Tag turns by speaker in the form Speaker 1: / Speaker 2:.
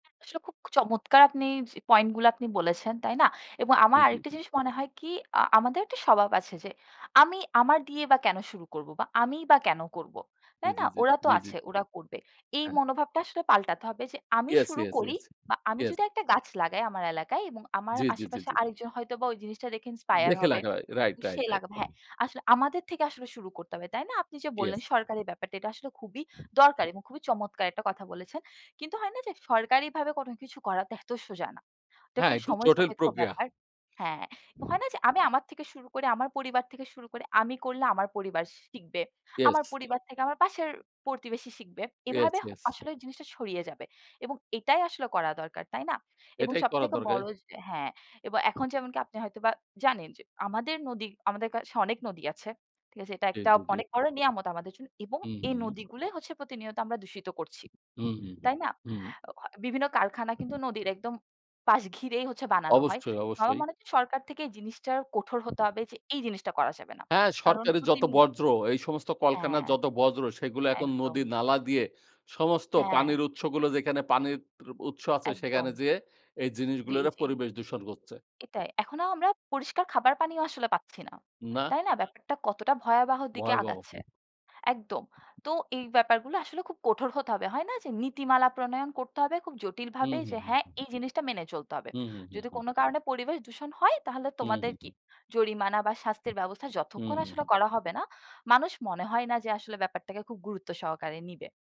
Speaker 1: আসলে খুব চমৎকার আপনি স পয়েন্ট গুলো আপনি বলেছেন, তাই না? এবং আমার
Speaker 2: জি,
Speaker 1: আরেকটা
Speaker 2: জি।
Speaker 1: জিনিস মনে হয় কি আ আমাদের একটা স্বভাব আছে যে, আমি আমার দিয়ে বা কেন শুরু করব বা আমিই বা কেন করব।
Speaker 2: জি,
Speaker 1: তাই
Speaker 2: জি,
Speaker 1: না?
Speaker 2: জি,
Speaker 1: ওরা তো
Speaker 2: জি, জি।
Speaker 1: আছে, ওরা করবে। এই
Speaker 2: হ্যাঁ।
Speaker 1: মনোভাবটা আসলে পাল্টাতে হবে যে, আমি
Speaker 2: ইয়েস,
Speaker 1: শুরু
Speaker 2: ইয়েস,
Speaker 1: করি
Speaker 2: ইয়েস,
Speaker 1: বা আমি
Speaker 2: ইয়েস।
Speaker 1: যদি একটা গাছ লাগাই আমার এলাকায়, এবং আমার
Speaker 2: জি, জি, জি,
Speaker 1: আশেপাশে
Speaker 2: জি।
Speaker 1: আরেকজন হয়তোবা ওই জিনিসটা দেখে ইন্সপায়ার
Speaker 2: দেখে
Speaker 1: হবে।
Speaker 2: লাগাবে। রাইট, রাইট,
Speaker 1: সে
Speaker 2: রাইট।
Speaker 1: লাগাবে হ্যাঁ। আসলে আমাদের থেকে আসলে শুরু করতে হবে। তাই না? আপনি যে বললেন
Speaker 2: ইয়েস।
Speaker 1: সরকারের ব্যাপারটা এটা আসলে খুবই দরকার এবং খুবই চমৎকার একটা কথা বলেছেন। কিন্তু হয় না যে সরকারিভাবে কোন কিছু করাতো এত সোজা না। এটা
Speaker 2: হ্যাঁ
Speaker 1: খুব
Speaker 2: একটু
Speaker 1: সময়
Speaker 2: জটিল
Speaker 1: সাপেক্ষ
Speaker 2: প্রক্রিয়া।
Speaker 1: ব্যাপার হ্যাঁ। হয় না যে? আমি আমার থেকে শুরু করি, আমার পরিবার থেকে শুরু করে আমি করলে আমার পরিবার শিখবে।
Speaker 2: ইয়েস।
Speaker 1: আমার পরিবার থেকে আমার পাশের প্রতিবেশী শিখবে।
Speaker 2: ইয়েস,
Speaker 1: এভাবে
Speaker 2: ইয়েস।
Speaker 1: আসলে জিনিসটা ছড়িয়ে যাবে এবং এটাই আসলে করা দরকার, তাই না? এবং
Speaker 2: এটাই করা
Speaker 1: সবথেকে
Speaker 2: দরকার।
Speaker 1: বড় হ্যাঁ এবং এখন যেমনকি আপনি হয়তোবা জানেন যে আমাদের নদী আমাদের কাছে অনেক নদী আছে। ঠিক আছে? এটা
Speaker 2: জি,
Speaker 1: একটা
Speaker 2: জি, জি।
Speaker 1: অনেক বড় নিয়ামত আমাদের জন্য এবং
Speaker 2: হু,
Speaker 1: এই
Speaker 2: হু।
Speaker 1: নদীগুলোই হচ্ছে প্রতিনিয়ত আমরা দূষিত করছি।
Speaker 2: হু, হু,
Speaker 1: তাই না?
Speaker 2: হু।
Speaker 1: আ অ বিভিন্ন কারখানা কিন্তু নদীর একদম পাশ ঘিরেই হচ্ছে বানানো হয়।
Speaker 2: অবশ্যই,
Speaker 1: আমার
Speaker 2: অবশ্যই।
Speaker 1: মনে হয় যে সরকার থেকে এই জিনিসটা কঠোর হতে হবে যে এই জিনিসটা করা যাবে না।
Speaker 2: হ্যাঁ
Speaker 1: কারণ
Speaker 2: সরকারি যত
Speaker 1: প্রতিনিয়ত
Speaker 2: বর্জ্য এই সমস্ত কল-কারখানার
Speaker 1: হ্যাঁ।
Speaker 2: যত বর্জ, সেগুলো এখন নদী
Speaker 1: একদম।
Speaker 2: নালা দিয়ে সমস্ত
Speaker 1: হ্যাঁ।
Speaker 2: পানির উৎসগুলো যেখানে পানির ত উৎস আছে সেখানে
Speaker 1: একদম।
Speaker 2: যেয়ে এই
Speaker 1: জি,
Speaker 2: জিনিসগুলোরে
Speaker 1: জি।
Speaker 2: পরিবেশ দূষণ করছে।
Speaker 1: এটাই এখনো আমরা পরিষ্কার খাবার পানিও আসলে পাচ্ছি না।
Speaker 2: না।
Speaker 1: তাই না? ব্যাপারটা কতটা ভয়াবহ দিকে
Speaker 2: ভয়াবহ।
Speaker 1: আগাচ্ছে। একদম। তো এই ব্যাপারগুলো আসলে খুব কঠোর হতে হবে। হয় না যে? নীতিমালা প্রণয়ন করতে হবে খুব জটিলভাবে।
Speaker 2: হুম, হু,
Speaker 1: যে হ্যাঁ
Speaker 2: হুম।
Speaker 1: এই জিনিসটা মেনে চলতে হবে।
Speaker 2: হু, হু, হু,
Speaker 1: যদি
Speaker 2: হু।
Speaker 1: কোন কারণে পরিবেশ দূষণ হয় তাহলে
Speaker 2: হু, হু,
Speaker 1: তোমাদের কি?
Speaker 2: হু।
Speaker 1: জরিমানা বা শাস্তির ব্যবস্থা
Speaker 2: হু,
Speaker 1: যতক্ষণ
Speaker 2: হু,
Speaker 1: আসলে
Speaker 2: হুম।
Speaker 1: করা হবে না, মানুষ মনে হয় না যে আসলে ব্যাপারটাকে খুব গুরুত্ব সহকারে নিবে।